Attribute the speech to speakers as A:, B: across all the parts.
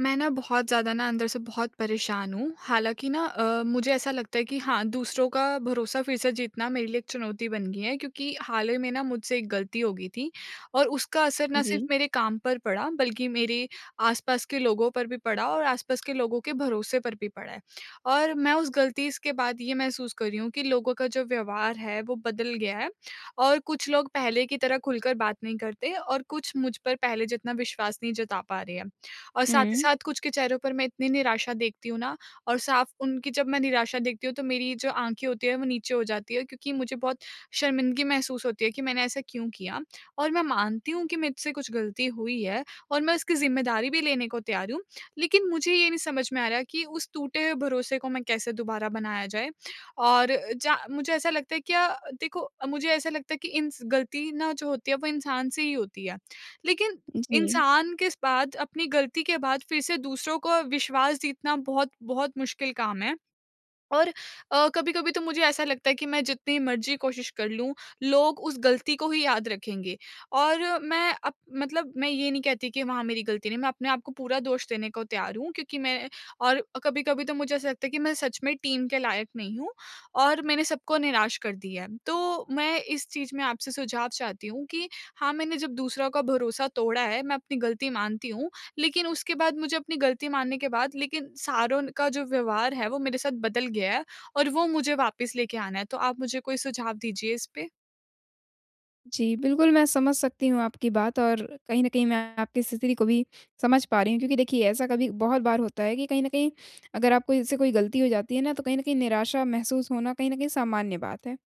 A: मैं ना बहुत ज़्यादा ना अंदर से बहुत परेशान हूँ। हालाँकि ना अ, मुझे ऐसा लगता है कि हाँ, दूसरों का भरोसा फिर से जीतना मेरे लिए एक चुनौती बन गया क्योंकि हाल ही में ना मुझसे एक गलती होगी थी। और उसका असर ना सिर्फ़
B: जी।
A: मेरे काम पर पड़ा बल्कि मेरे आस-पास के लोगों पर भी पड़ा और आस-पास के लोगों के भरोसे पर भी पड़ा है। और मैं उस गलती स के बाद ये महसूस कर रही हूँ कि लोगों का जो व्यवहार है वो बदल गया है और कुछ लोग पहले की तरह खुलकर बात नहीं करते और कुछ मुझ पर पहले जितना विश्वास नहीं जता पा रहे हैं। और साथ ही
B: हुँ।
A: साथ कुछ के चेहरों पर मैं इतनी निराशा देखती हूँ ना और साफ उनकी जब मैं निराशा देखती हूँ तो मेरी जो आँखें होती हैं वो नीचे हो जाती है क्योंकि मुझे बहुत शर्मिंदगी महसूस होती है कि मैंने ऐसा क्यों किया। और मैं मानती हूँ कि मुझसे कुछ गलती हुई है और मैं उसकी ज़िम्मेदारी भी लेने को तैयार हूँ लेकिन मुझे ये नहीं समझ में आ रहा कि उस टूटे हुए भरोसे को मैं कैसे दोबारा बनाया जाए। और ज मुझे ऐसा लगता है क्या देखो मुझे ऐसा लगता है कि इंस गलती ना जो होती है वो इंसान से ही होती है। लेकिन
B: उ, जी।
A: इंसान किस बाद अपनी गलती के बाद फिर से दूसरों को विश्वास जीतना बहुत-बहुत मुश्किल काम है। और अ, कभी-कभी तो मुझे ऐसा लगता है कि मैं जितनी मर्ज़ी कोशिश कर लूँ, लोग उस गलती को ही याद रखेंगे और मैं अब मतलब मैं ये नहीं कहती कि वहाँ मेरी गलती नहीं है, मैं अपने आपको पूरा दोष देने को तैयार हूँ क्योंकि मैं और अ, कभी-कभी तो मुझे ऐसा लगता है कि मैं सच में टीम के लायक नहीं हूँ और मैंने सब को निराश कर दिया है। तो मैं इस चीज़ में आपसे सुझाव चाहती हूँ कि हाँ, मैंने जब दूसरों का भरोसा तोड़ा है मैं अपनी गलती मानती हूँ लेकिन उसके बाद मुझे अपनी गलती मानने के बाद लेकिन सारों का जो व्यवहार है वो मेरे साथ बदल गया है और वो मुझे वापस लेके आना है। तो आप मुझे कोई सुझाव दीजिए इसपे?
B: जी, बिल्कुल, मैं समझ सकती हूँ आपकी बात और कहीं न कहीं मैं आपकी स्थिति को भी समझ पा रही हूँ, क्योंकि देखिए ऐसा कभी बहुत बार होता है कि कहीं न कहीं अगर आपको इससे कोई गलती हो जाती है ना तो कहीं न कहीं निराशा महसूस होना, कहीं न कहीं सामान्य बात है।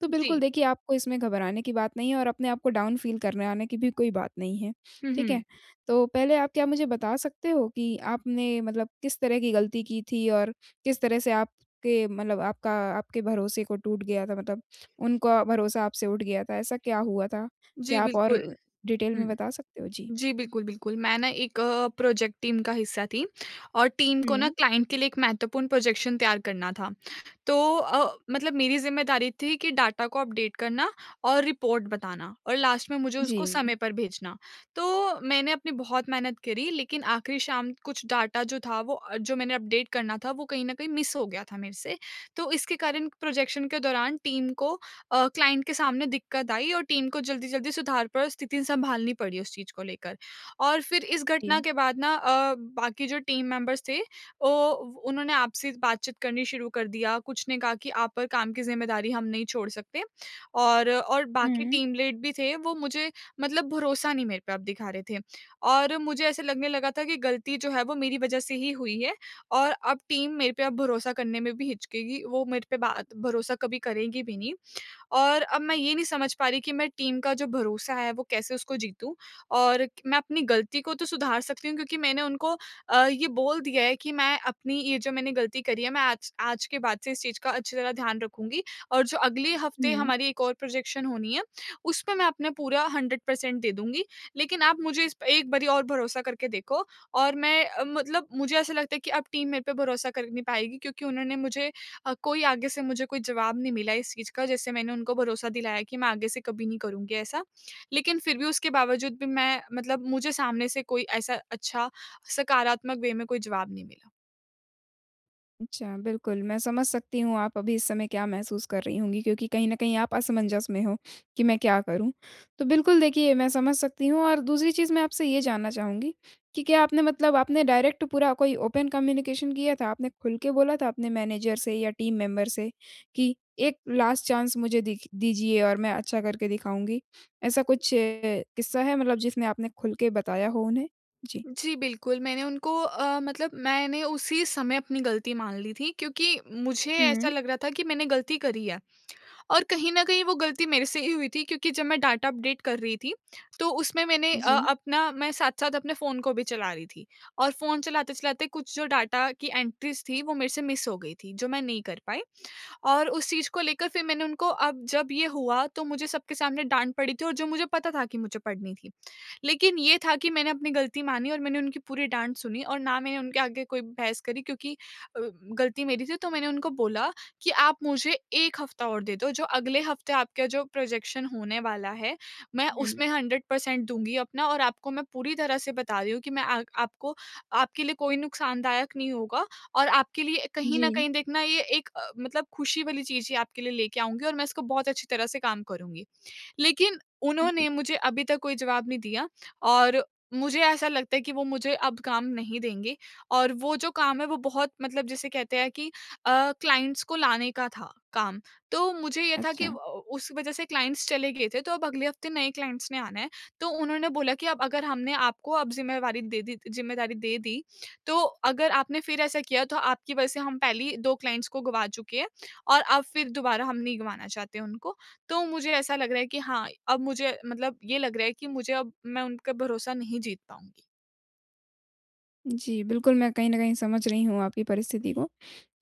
B: तो बिल्कुल
A: जी।
B: देखिए आपको इसमें घबराने की बात नहीं है और अपने आपको डाउन फ़ील करने आने की भी कोई बात नहीं है।
A: हुँ,
B: ठीक है?
A: हुँ।
B: तो पहले आप क्या मुझे बता सकते हो कि आपने मतलब किस तरह की गलती की थी और किस तरह से आपके मतलब आपका आपके भरोसे को टूट गया था, मतलब उनका भरोसा आपसे उठ गया था। ऐसा क्या हुआ था?
A: जी,
B: क्या आप और
A: बिल्कुल।
B: डिटेल में
A: हुँ।
B: बता सकते हो? जी।
A: जी, बिल्कुल, बिल्कुल। मैं ना एक प्रोजेक्ट टीम का हिस्सा थी और टीम को ना
B: हुँ।
A: क्लाइंट के लिए एक महत्वपूर्ण प्रोजेक्शन तैयार करना था। तो अ, मतलब मेरी ज़िम्मेदारी थी कि डाटा को अपडेट करना और रिपोर्ट बताना और लास्ट में मुझे उसको
B: जी।
A: समय पर भेजना। तो मैंने अपनी बहुत मेहनत करी लेकिन आखिरी शाम कुछ डाटा जो था वो अ, जो मैंने अपडेट करना था वो कहीं न कहीं मिस हो गया था मेरे से। तो इसके कारण प्रोजेक्शन के दौरान टीम को अ, क्लाइंट के सामने दिक्कत आई और टीम को जल्दी-जल्दी सुधार पर स्थिति सम्भालनी पड़ी उस चीज़ को लेकर। और फिर इस घटना
B: जी।
A: के बाद ना अ, बाकी जो टीम मेंबर्स थे औ वो उन्होंने आपसे बातचीत करनी शुरू कर दिया। कुछ ने कहा कि आप पर काम की ज़िम्मेदारी हम नहीं छोड़ सकते। और और बाकी
B: हुँ।
A: टीम लीड भी थे वो मुझे मतलब भरोसा नहीं मेरे पे आप दिखा रहे थे। और मुझे ऐसा लगने लगा था कि गलती जो है वो मेरी वज़ह से ही हुई है और अब टीम मेरे पे अब भरोसा करने में भी हिचकेगी। वो मेरे पे बात भरोसा कभी करेगी भी नहीं। और अब मैं ये नहीं समझ पा रही कि मैं टीम का जो भरोसा है वो कैसे उसको जीतू और मैं अपनी गलती को तो सुधार सकती हूँ क्योंकि मैंने उनको अ, ये बोल दिया है कि मैं अपनी ये जो मैंने गलती करी है मैं आज आज के बाद से इस चीज़ का अच्छी तरह ध्यान रखूँगी और जो अगले हफ़्ते
B: हुँ।
A: हमारी एक और प्रोजेक्शन होनी है उसपे मैं अपना पूरा 100% दे दूँगी। लेकिन आप मुझे इस प एक बारी और भरोसा करके देखो और मैं अ, मतलब मुझे ऐसा लगता है कि अब टीम मेरे पे भरोसा कर नहीं पाएगी क्योंकि उन्होंने मुझे अ, कोई आगे से मुझे कोई जवाब नहीं मिला इस चीज़ का जैसे मैंने उनको भरोसा दिलाया कि मैं आगे से कभी नहीं करुँगी ऐसा। लेकिन फिर भी उसके बावजूद भी मैं मतलब मुझे सामने से कोई ऐसा अच्छा सकारात्मक वे में कोई जवाब नहीं मिला।
B: अच्छा, बिल्कुल मैं समझ सकती हूँ आप अभी इस समय क्या महसूस कर रही होंगी, क्योंकि कहीं न कहीं आप असमंजस में हो कि मैं क्या करूँ? तो बिल्कुल, देखिए मैं समझ सकती हूँ और दूसरी चीज़ मैं आपसे ये जानना चाहूँगी, कि क्या आपने मतलब आपने डायरेक्ट पूरा कोई ओपन कम्युनिकेशन किया था, आपने खुल के बोला था अपने मैनेज़र से या टीम मेंबर से कि एक लास्ट चांस मुझे दिख दीजिए और मैं अच्छा करके दिखाऊँगी? ऐसा कुछ किस्सा है मतलब जिसमें आपने खुल के बताया हो उन्हें? जी।
A: जी, बिल्कुल मैंने उनको अ, मतलब मैंने उसी समय अपनी गलती मान ली थी, क्योंकि मुझे ऐसा
B: हुँ।
A: लग रहा था कि मैंने गलती करी है। और कहीं न कहीं वो गलती मेरे से ही हुई थी क्योंकि जब मैं डाटा अपडेट कर रही थी, तो उसमें मैंने अ,
B: जी।
A: अपना मैं साथ-साथ अपने फ़ोन को भी चला रही थी और फ़ोन चलाते-चलाते कुछ जो डाटा की एंट्रीज़ थी वो मेरे से मिस हो गई थी, जो मैं नहीं कर पाई। और उस चीज़ को लेकर फिर मैंने उनको अब जब ये हुआ तो मुझे सबके सामने डाँट पड़ी थी और जो मुझे पता था कि मुझे पड़नी थी, लेकिन ये था कि मैंने अपनी गलती मानी और मैंने उनकी पूरी डाँट सुनी और ना मैंने उनके आगे कोई बहस करी क्योंकि अ, गलती मेरी थी तो मैंने उनको बोला, कि आप मुझे 1 हफ़्ता और दे दो, जो अगले हफ़्ते आपका जो प्रोज़ेक्शन होने वाला है, मैं
B: हुँ।
A: उसमें 100 पर्सेंट दूँगी अपना और आपको मैं पूरी तरह से बता रही हूँ कि मैं आ आपको आपके लिए कोई नुकसानदायक नहीं होगा और आपके लिए कहीं न
B: जी।
A: कहीं देखना ये एक अ, मतलब खुशी वाली चीज़ ही आपके लिए ले के आऊँगी और मैं इसको बहुत अच्छी तरह से काम करुँगी। लेकिन उन्होंने
B: जी।
A: मुझे अभी तक कोई जवाब नहीं दिया और मुझे ऐसा लगता है कि वो मुझे अब काम नहीं देंगे और वो जो काम है वो बहुत मतलब जिसे कहते हैं कि अ, क्लाइंट्स को लाने का था काम। तो मुझे ये था कि अ अ,
B: अच्छा।
A: उस वजह से क्लाइंट्स चले गए थे तो अब अगले हफ़्ते नए क्लाइंट्स ने आना है। तो उन्होंने बोला कि अब अगर हमने आपको अब ज़िम्मेवारी दे दी ज़िम्मेदारी दे दी, तो अगर आपने फिर ऐसा किया तो आपकी वजह से हम पहले ही 2 क्लाइंट्स को गँवा चुके हैं और अब फिर दोबारा हम नहीं गँवाना चाहते हैं उनको। तो मुझे ऐसा लग रहा है कि हाँ, अब मुझे मतलब ये लग रहा है कि मुझे अब मैं उनका भरोसा नहीं जीत पाऊँगी।
B: जी, बिल्कुल, मैं कहीं न कहीं समझ रही हूँ आपकी परिस्थिति को।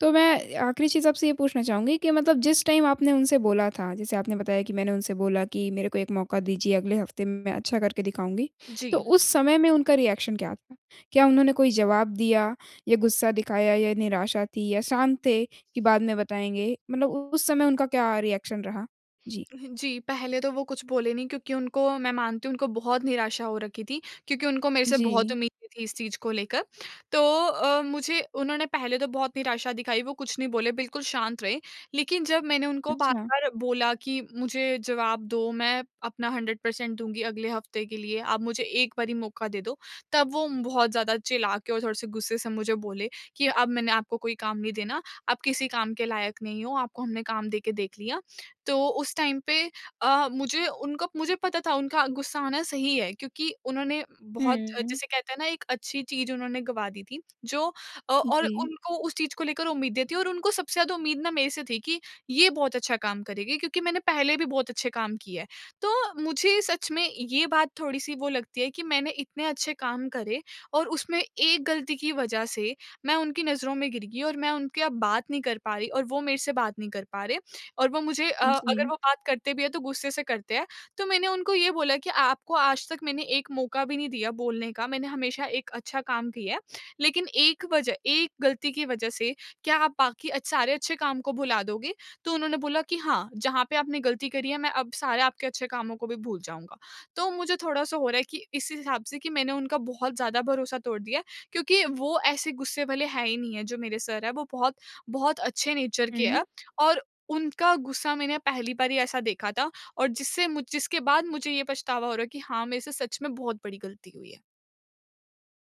B: तो मैं आखिरी चीज़ आपसे ये पूछना चाहूँगी कि मतलब जिस टाइम आपने उनसे बोला था, जैसे आपने बताया कि, "मैंने उनसे बोला कि मेरे को एक मौका दीजिए। अगले हफ़्ते में, मैं अच्छा करके दिखाऊँगी।" तो
A: जी।
B: उस समय में उनका रिएक्शन क्या था? क्या उन्होंने कोई जवाब दिया या गुस्सा दिखाया या निराशा थी या शांत थे, कि बाद में बताएँगे? मतलब उस समय उनका क्या रिएक्शन रहा? जी।
A: हाँ जी। पहले तो वो कुछ बोले नहीं, क्योंकि उनको, मैं मानती हूँ, उनको बहुत निराशा हो रखी थी, क्योंकि उनको मेरे से बहुत
B: जी।
A: उम्मीदें थी इस चीज़ को लेकर। तो अ, मुझे उन्होंने पहले तो बहुत निराशा दिखाई, वो कुछ नहीं बोले, बिल्कुल शांत रहे। लेकिन जब मैंने उनको
B: अच्छा।
A: बार-बार बोला कि, "मुझे जवाब दो, मैं अपना 100% दूँगी अगले हफ़्ते के लिए। आप मुझे एक बारी मौका दे दो।" तब वो बहुत ज़्यादा चिल्ला के और थोड़े से गुस्से से मुझे बोले कि, "अब मैंने आपको कोई काम नहीं देना। आप किसी काम के लायक नहीं हो, आपको हमने काम दे के देख लिया।" तो उस टाइम पे अ, मुझे उनका मुझे पता था, उनका गुस्सा आना सही है, क्योंकि उन्होंने बहुत,
B: हुँ।
A: जिसे कहते हैं ना, एक अच्छी चीज़ उन्होंने गँवा दी थी, जो अ, और
B: जी।
A: उनको उस चीज़ को लेकर उम्मीदें थी और उनको सबसे ज़्यादा उम्मीद ना, मेरे से थी कि, "ये बहुत अच्छा काम करेगी।" क्योंकि मैंने पहले भी बहुत अच्छे काम किए हैं। तो मुझे सच में ये बात थोड़ी-सी वो लगती है कि मैंने इतने अच्छे काम करे और उसमें एक गलती की वज़ह से मैं उनकी नज़रों में गिर गई और मैं उनकी अब बात नहीं कर पा रही और वो मेरे से बात नहीं कर पा रहे और वो मुझे अ, अगर
B: जी।
A: वो बात करते भी हैं, तो गुस्से से करते हैं। तो मैंने उनको ये बोला कि, "आपको आज तक मैंने एक मौका भी नहीं दिया बोलने का। मैंने हमेशा एक अच्छा काम किया है। लेकिन एक वज़ह एक गलती की वज़ह से क्या आप बाकी अच्छ सारे अच्छे काम को भुला दोगे?" तो उन्होंने बोला कि, "हाँ, जहाँ पे आपने गलती करी है, मैं अब सारे आपके अच्छे कामों को भी भूल जाऊँगा।" तो मुझे थोड़ा-सा हो रहा है कि इस हिसाब से कि मैंने उनका बहुत ज़्यादा भरोसा तोड़ दिया है, क्योंकि वो ऐसे गुस्से वाले हैं ही नहीं हैं। जो मेरे सर हैं, वो बहुत बहुत अच्छे नेचर के
B: हुँ।
A: हैं और उनका गुस्सा मैंने पहली बार ही ऐसा देखा था और जिससे मुझ जिसके बाद मुझे ये पछतावा हो रहा है कि हाँ, मेरे से सच में बहुत बड़ी गलती हुई है।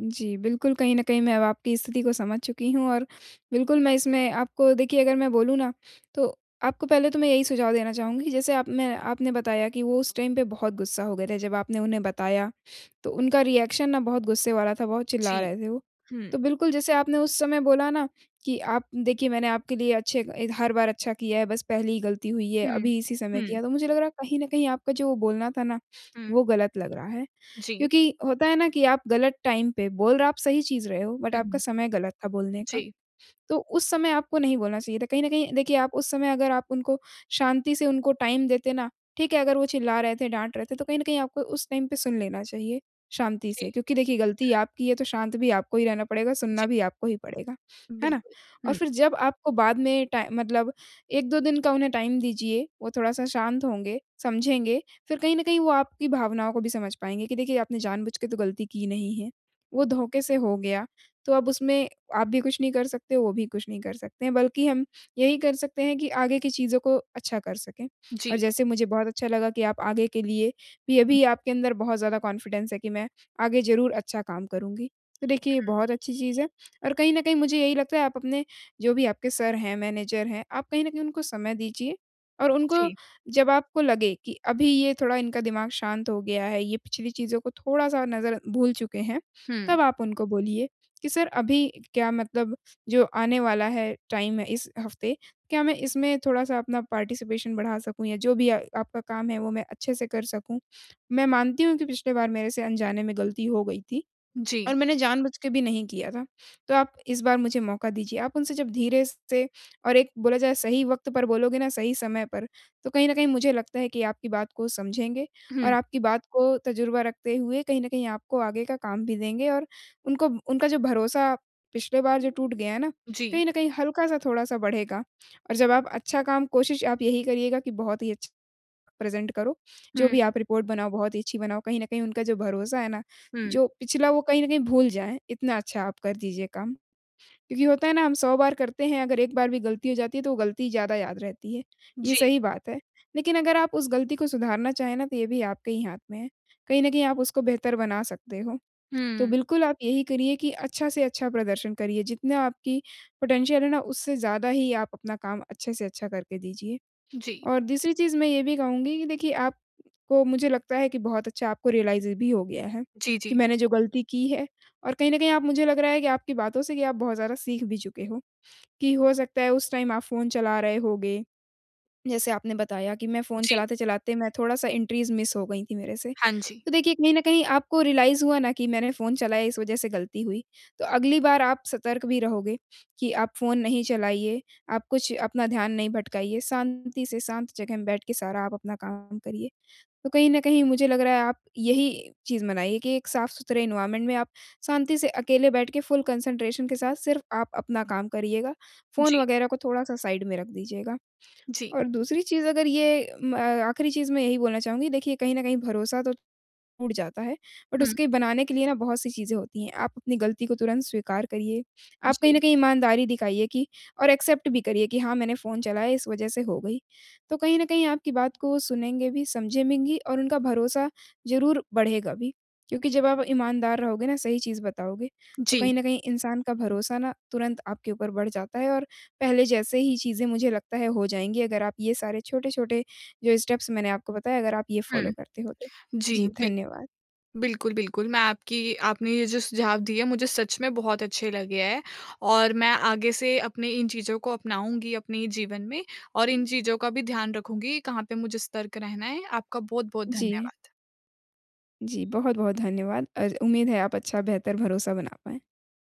B: जी, बिल्कुल कहीं न कहीं मैं अब आपकी स्थिति को समझ चुकी हूँ और बिल्कुल मैं इसमें आपको देखिए अगर मैं बोलूँ ना, तो आपको पहले तो मैं यही सुझाव देना चाहूँगी जैसे आपने आपने बताया कि वो उस टाइम पे बहुत गुस्सा हो गए थे जब आपने उन्हें बताया, तो उनका रिएक्शन ना बहुत गुस्से वाला था, बहुत चिल्ला
A: जी,
B: रहे थे वो। तो
A: हुँ।
B: बिल्कुल जैसे आपने उस समय बोला ना, कि आप देखिए मैंने आपके लिए अच्छे एक हर बार अच्छा किया है बस पहली ही गलती हुई है
A: हुँ,
B: अभी इसी समय
A: हुँ।
B: किया तो मुझे लग रहा है कहीं न कहीं आपका जो बोलना था ना, वो
A: हुँ।
B: गलत लग रहा है।
A: जी।
B: क्योंकि होता है ना कि आप गलत टाइम पे बोल र आप सही चीज़ रहे हो बट
A: हुँ,
B: आपका
A: हुँ।
B: समय गलत था बोलने का।
A: जी।
B: तो उस समय आपको नहीं बोलना चाहिए था। कहीं न कहीं देखिए आप उस समय अगर आप उनको शांति से उनको टाइम देते ना, ठीक है, अगर वो चिल्ला रहे थे, डाँट रहे थे तो कहीं न कहीं आपको उस टाइम पे सुन लेना चाहिए शांति
A: जी।
B: से क्योंकि
A: हुँ।
B: देखिए गलती आपकी है तो शांत भी आपको ही रहना पड़ेगा, सुनना
A: जी।
B: भी आपको ही पड़ेगा। है ना?
A: बिल्कुल,
B: और
A: हुँ।
B: फिर जब आपको बाद में टाइ मतलब 1-2 दिन का उन्हें टाइम दीजिए, वो थोड़ा-सा शांत होंगे, समझेंगे फिर कहीं न कहीं वो आपकी भावनाओं को भी समझ पाएँगे कि देखिए आपने जानबूझ के तो गलती की नहीं है। वो धोखे से हो गया तो अब उसमें आप भी कुछ नहीं कर सकते, वो भी कुछ नहीं कर सकते बल्कि हम यही कर सकते हैं कि आगे की चीज़ों को अच्छा कर सकें। और
A: जी।
B: जैसे मुझे बहुत अच्छा लगा कि आप आगे के लिए भी अभी आपके अंदर बहुत ज़्यादा कॉन्फिडेंस है कि मैं आगे ज़रूर अच्छा काम करुँगी। तो देखिए ये
A: हुँ।
B: बहुत अच्छी चीज़ है और कहीं न कहीं मुझे यही लगता है आप अपने जो भी आपके सर हैं मैनेजर हैं, आप कहीं न कहीं उनको समय दीजिए और उनको
A: जी।
B: जब आपको लगे कि अभी ये थोड़ा इनका दिमाग शांत हो गया है, ये पिछली चीज़ों को थोड़ा-सा नज़रअं भूल चुके हैं,
A: हुँ।
B: तब आप उनको बोलिए कि, "सर अभी क्या मतलब जो आने वाला है टाइम है इस हफ़्ते, क्या मैं इसमें थोड़ा-सा अपना पार्टिसिपेशन बढ़ा सकूँ या जो भी आ आपका काम है वो मैं अच्छे से कर सकूँ? मैं मानती हूँ कि पिछली बार मेरे से अनजाने में गलती हो गई थी,
A: जी।
B: और मैंने जानबूझ के भी नहीं किया था, तो आप इस बार मुझे मौका दीजिए।" आप उनसे जब धीरे स से और एक बोला जाए सही वक़्त पर बोलोगे ना सही समय पर, तो कहीं न कहीं मुझे लगता है कि आपकी बात को समझेंगे
A: हुँ।
B: और आपकी बात को तजुर्बा रखते हुए कहीं न कहीं आपको आगे का काम भी देंगे और उनको उनका जो भरोसा पिछले बार जो टूट गया है ना,
A: जी।
B: कहीं न कहीं हल्का-सा थोड़ा-सा बढ़ेगा और जब आप अच्छा काम कोशिश आप यही करिएगा कि बहुत ही अच्छा प्रेज़ेंट करो। जो
A: हुँ।
B: भी आप रिपोर्ट बनाओ बहुत ही अच्छी बनाओ। कहीं न कहीं उनका जो भरोसा है ना,
A: हुँ।
B: जो पिछला वो कहीं न कहीं भूल जाएँ, इतना अच्छा आप कर दीजिए काम। क्योंकि होता है ना हम 100 बार करते हैं, अगर एक बार भी गलती हो जाती है तो वो गलती ज़्यादा याद रहती है। ये
A: जी।
B: सही बात है, लेकिन अगर आप उस गलती को सुधारना चाहें ना, तो ये भी आपके ही हाथ में है। कहीं न कहीं आप उसको बेहतर बना सकते हो। तो
A: हुँ।
B: बिल्कुल आप यही करिए कि अच्छा से अच्छा प्रदर्शन करिए, जितना आपकी पोटेंशियल है ना, उससे ज़्यादा ही आप अपना काम अच्छे से अच्छा करके दीजिए।
A: जी।
B: और दूसरी चीज़ मैं ये भी कहूँगी कि देखिए आपको मुझे लगता है कि बहुत अच्छा आपको रियलाइज़ भी हो गया है,
A: जी,
B: कि
A: जी।
B: मैंने जो गलती की है और कहीं न कहीं आप मुझे लग रहा है कि आपकी बातों से कि आप बहुत ज़्यादा सीख भी चुके हो, कि हो सकता है उस टाइम आप फ़ोन चला रहे होगे। जैसे आपने बताया कि मैं फ़ोन
A: जी।
B: चलाते-चलाते मैं थोड़ा-सा एंट्रीज़ मिस हो गई थी मेरे से,
A: हाँ जी।
B: तो देखिए कहीं न कहीं आपको रियलाइज़ हुआ ना कि मैंने फ़ोन चलाया इस वज़ह से गलती हुई। तो अगली बार आप सतर्क भी रहोगे, कि आप फ़ोन नहीं चलाइए, आप कुछ अपना ध्यान नहीं भटकाइए। शांति से शांत जगह में बैठ के सारा आप अपना काम करिए। तो कहीं न कहीं मुझे लग रहा है आप यही चीज़ बनाइए कि एक साफ-सुथरे एनवायरनमेंट में आप शांति से अकेले बैठ के फुल कंसंट्रेशन के साथ सिर्फ़ आप अपना काम करिएगा, फ़ोन
A: जी।
B: वग़ैरह को थोड़ा-सा साइड में रख दीजिएगा।
A: जी।
B: और दूसरी चीज़ अगर ये म आखिरी चीज़ मैं यही बोलना चाहूँगी देखिए, कहीं न कहीं भरोसा तो टूट जाता है, बट
A: हुँ।
B: उसके बनाने के लिए ना बहुत-सी चीज़ें होती हैं। आप अपनी गलती को तुरंत स्वीकार करिए। आप कहीं न
A: जी।
B: कहीं ईमानदारी दिखाइए कि और एक्सेप्ट भी करिए कि हाँ, मैंने फ़ोन चलाया इस वजह से हो गई। तो कहीं न कहीं आपकी बात को वो सुनेंगे भी, समझें में घी और उनका भरोसा ज़रूर बढ़ेगा भी, क्योंकि जब आप ईमानदार रहोगे ना सही चीज़ बताओगे, तो
A: जी।
B: कहीं न कहीं इंसान का भरोसा ना तुरंत आपके ऊपर बढ़ जाता है और पहले जैसे ही चीज़ें मुझे लगता है हो जाएँगी अगर आप ये सारे छोटे-छोटे जो स्टेप्स मैंने आपको बताए, अगर आप ये
A: हुँ।
B: फ़ॉलो करते हो तो।
A: जी,
B: जी,
A: बिल्कुल।
B: धन्यवाद।
A: बिल्कुल, बिल्कुल। मैं आपकी आपने ये जो सुझाव दिए मुझे सच में बहुत अच्छे लगे हैं और मैं आगे से अपने इन चीज़ों को अपनाऊँगी अपने जीवन में और इन चीज़ों का भी ध्यान रखूँगी कहाँ पे मुझे सतर्क रहना है। आपका बहुत-बहुत
B: जी।
A: धन्यवाद।
B: जी, बहुत-बहुत धन्यवाद और उम्मीद है, आप अच्छा बेहतर भरोसा बना पाएँ।